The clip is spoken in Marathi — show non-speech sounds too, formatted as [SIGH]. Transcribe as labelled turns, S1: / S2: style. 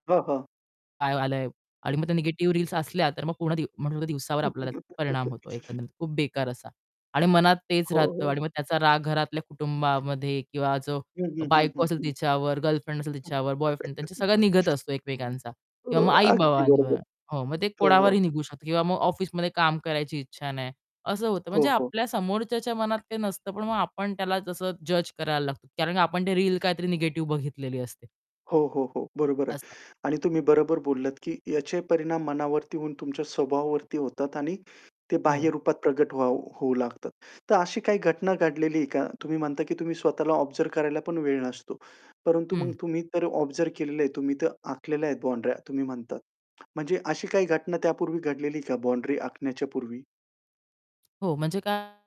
S1: हां, हां.
S2: काय आलंय आणि मग त्या निगेटिव्ह रील्स असल्या तर मग पूर्ण दिव मग पूर्ण दिवसावर आपल्याला परिणाम
S1: [LAUGHS]
S2: होतो एकंदरीत खूप बेकार असा आणि मनात तेच
S1: हो,
S2: राहतं
S1: हो.
S2: आणि मग त्याचा राग घरातल्या कुटुंबामध्ये किंवा जो
S1: हं, हं, हं,
S2: बायको
S1: हं,
S2: असेल
S1: हं.
S2: तिच्यावर, गर्लफ्रेंड असेल तिच्यावर, बॉयफ्रेंड, त्यांचं सगळं निघत
S1: [LAUGHS]
S2: असतो एकमेकांचा किंवा
S1: हो,
S2: मग
S1: अगदी
S2: आई-बाबांवर.
S1: बरोबर.
S2: हो. मग ते
S1: हो,
S2: कोणावरही
S1: हो.
S2: निघू शकतो किंवा मग ऑफिसमध्ये काम करायची इच्छा नाही, असं होतं.
S1: हो,
S2: म्हणजे
S1: हो.
S2: आपल्या समोरच्याच्या मनात काही नसतं पण मग आपण त्याला जसं जज करायला लागतो. कारण का आपण ते रील काहीतरी निगेटिव्ह बघितलेली असते.
S1: हो, हो, हो. बरोबर आहे
S2: असं.
S1: आणि तुम्ही बरोबर बोललात, की याचे परिणाम मनावरती होऊन तुमच्या स्वभावावरती होतात आणि ते बाह्य
S2: हो.
S1: रूपात प्रकट होऊ होऊ लागतात. तर अशी काही घटना घडलेली आहे का? तुम्ही म्हणता, की तुम्ही स्वतःला ऑब्झर्व करायला पण वेळ नसतो. परंतु
S2: हं.
S1: मग तुम्ही तर ऑब्झर्व केलेलं आहे, तुम्ही तर आखलेल्या आहेत बाउंडऱ्या तुम्ही म्हणतात. म्हणजे अशी काही घटना त्यापूर्वी घडलेली आहे का बाउंडरी आखण्याच्या पूर्वी?
S2: हो, म्हणजे काय